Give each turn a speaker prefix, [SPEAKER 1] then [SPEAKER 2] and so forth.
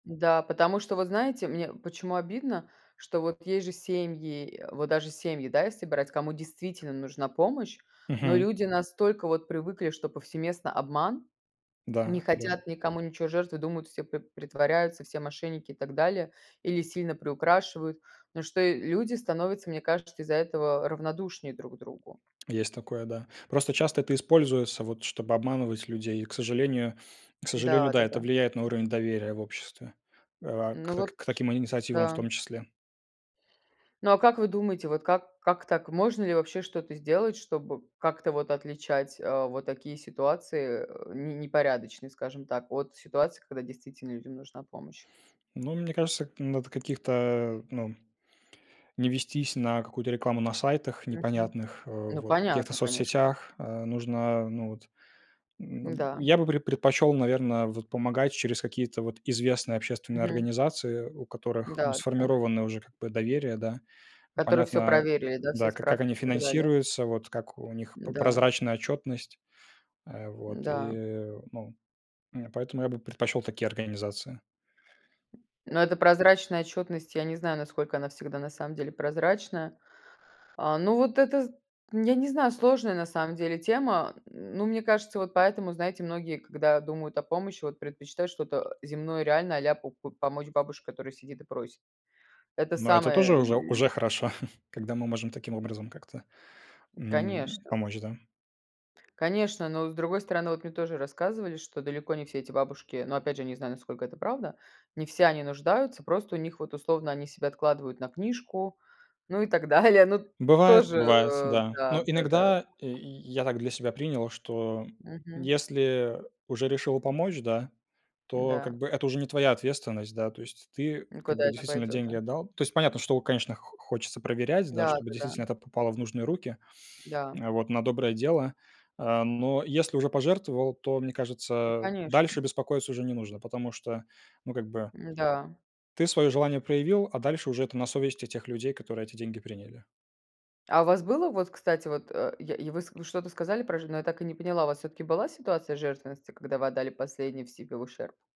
[SPEAKER 1] Н-да, потому что, вот знаете, мне почему обидно, что вот есть же семьи, э, вот даже семьи, да, если брать, кому действительно нужна помощь. Но
[SPEAKER 2] Мгм.
[SPEAKER 1] люди настолько вот привыкли, что повсеместно обман, не
[SPEAKER 2] Да да.
[SPEAKER 1] хотят никому ничего жертвовать, думают, все п притворяются, все мошенники и так далее, или сильно приукрашивают. Но что и люди становятся, мне кажется, из-за этого равнодушнее друг другу.
[SPEAKER 2] Есть такое, да. Просто часто это используется, вот, чтобы обманывать людей. И, к сожалению, к сожалению,
[SPEAKER 1] Да,
[SPEAKER 2] да,
[SPEAKER 1] да,
[SPEAKER 2] это
[SPEAKER 1] да.
[SPEAKER 2] влияет на уровень доверия в обществе, э, а к
[SPEAKER 1] Ну, вот
[SPEAKER 2] так, к таким инициативам в
[SPEAKER 1] да.
[SPEAKER 2] том числе.
[SPEAKER 1] Ну, а как вы думаете, вот как как так? Можно ли вообще что-то сделать, чтобы как-то вот отличать, а, вот такие ситуации, э, не непорядочные, скажем так, от ситуаций, когда действительно людям нужна помощь?
[SPEAKER 2] Ну, мне кажется, надо каких-то, ну, м не вестись на какую-то рекламу на сайтах
[SPEAKER 1] Мгм.
[SPEAKER 2] непонятных, а,
[SPEAKER 1] Ну,
[SPEAKER 2] вот в каких-то
[SPEAKER 1] понятно, конечно.
[SPEAKER 2] соцсетях, а, нужно, а, ну вот, н аб
[SPEAKER 1] М-да.
[SPEAKER 2] я бы пред предпочел, наверно, вот помогать через какие-то вот известные общественные
[SPEAKER 1] Мгм.
[SPEAKER 2] организации, у которых, ну,
[SPEAKER 1] М-да, да.
[SPEAKER 2] сформировано уже как бы доверие, да. М,
[SPEAKER 1] Который всё
[SPEAKER 2] понятно,
[SPEAKER 1] проверили, да, все
[SPEAKER 2] да, как как они
[SPEAKER 1] справки и так далее.
[SPEAKER 2] финансируются, вот как у них п
[SPEAKER 1] Н-да.
[SPEAKER 2] прозрачная отчетность, а вот и,
[SPEAKER 1] Н-да.
[SPEAKER 2] э, ну, и поэтому я бы предпочел такие организации.
[SPEAKER 1] Но это прозрачная отчетность, я не знаю, насколько она всегда на самом деле прозрачная. А, ну, вот это, з нь я не знаю, сложная на самом деле тема. М, ну, мне кажется, вот поэтому, знаете, многие, когда думают о помощи, вот предпочитают что-то, э, земное, реальное, а-ля по по помочь бабушке, которая сидит и просит. Это
[SPEAKER 2] Но это
[SPEAKER 1] самое
[SPEAKER 2] тоже уже
[SPEAKER 1] лю
[SPEAKER 2] уже хорошо, когда мы можем таким образом как-то, м,
[SPEAKER 1] Конечно.
[SPEAKER 2] помочь, да.
[SPEAKER 1] Конечно, но, с другой стороны, вот мне тоже рассказывали, что далеко не все эти бабушки, ну, опять же, не знаю, насколько это правда, не все они нуждаются. Просто у них, вот, условно, они себе откладывают на книжку, ну и так далее. Ну, т
[SPEAKER 2] Бывает,
[SPEAKER 1] тоже,
[SPEAKER 2] бывает,
[SPEAKER 1] э,
[SPEAKER 2] да.
[SPEAKER 1] да
[SPEAKER 2] Но
[SPEAKER 1] да да.
[SPEAKER 2] иногда, э, и я так для себя принял, что, м,
[SPEAKER 1] Мгм.
[SPEAKER 2] если, э, уже решил помочь, да, то,
[SPEAKER 1] Н-да.
[SPEAKER 2] как бы, это уже не твоя ответственность. Да, то есть ты,
[SPEAKER 1] И
[SPEAKER 2] как
[SPEAKER 1] куда
[SPEAKER 2] бы,
[SPEAKER 1] это
[SPEAKER 2] действительно
[SPEAKER 1] пойдет,
[SPEAKER 2] деньги
[SPEAKER 1] да?
[SPEAKER 2] отдал. То есть понятно, что, у, конечно, хо хочется проверять, да,
[SPEAKER 1] Да,
[SPEAKER 2] чтобы
[SPEAKER 1] да, да.
[SPEAKER 2] действительно это попало в нужные руки,
[SPEAKER 1] Да.
[SPEAKER 2] а вот, на доброе дело. А, но если уже пожертвовал, то, мне
[SPEAKER 1] Ну,
[SPEAKER 2] кажется,
[SPEAKER 1] конечно.
[SPEAKER 2] дальше беспокоиться уже не нужно, потому что, ну, как бы
[SPEAKER 1] М-да.
[SPEAKER 2] ты своё желание проявил, а дальше уже это на совести тех людей, которые эти деньги приняли.
[SPEAKER 1] А у вас было, вот, кстати, вот, э, и я и вы ск вы что-то сказали про жену, я так и не поняла, у вас всё-таки была ситуация жертвенности, когда вы отдали последний в себе в ущерб?